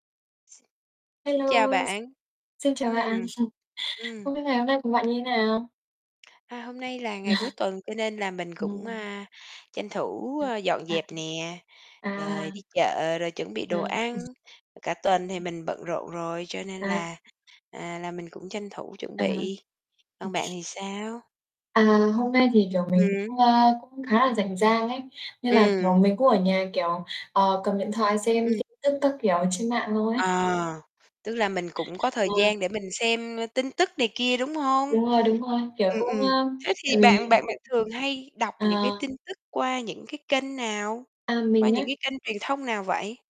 X xin chào Hello, x bạn. xin chào bạn. Ừm. Ừm. Không biết ngày hôm nay của Ưm. bạn như nào? À, hôm nay là ngày cuối tuần cho nên là mình cũng, Ừm. a, tranh thủ, Ừm, ơ, dọn à, dẹp nè, [unintelligible] rồi à. đi chợ rồi chuẩn bị À, đồ ừm. ăn, cả tuần thì [unintelligible] mình bận rộn rồi cho nên À. là, à, là mình cũng tranh thủ chuẩn À, bị. Còn ừm. bạn thì sao? À, hôm nay thì, kiểu, mình Ừm. cũng, a, cũng khá là rảnh rang ấy. Nên là, kiểu, Ừm. mình cũng ở nhà, kiểu, ờ, cầm điện thoại xem Ừm. tin tức các kiểu ở trên mạng thôi ấy. À! Tức là mình cũng có thời Vâng. gian để mình xem, ơ, tin tức này kia, đúng hông? Đúng rồi, đúng rồi, kiểu, Ừm, cũng ừm, ơ, thế thì tại vì bạn bạn bạn thường hay đọc Ờ. những cái tin tức qua những cái kênh nào? À, Qua mình những á? cái kênh truyền thông nào vậy?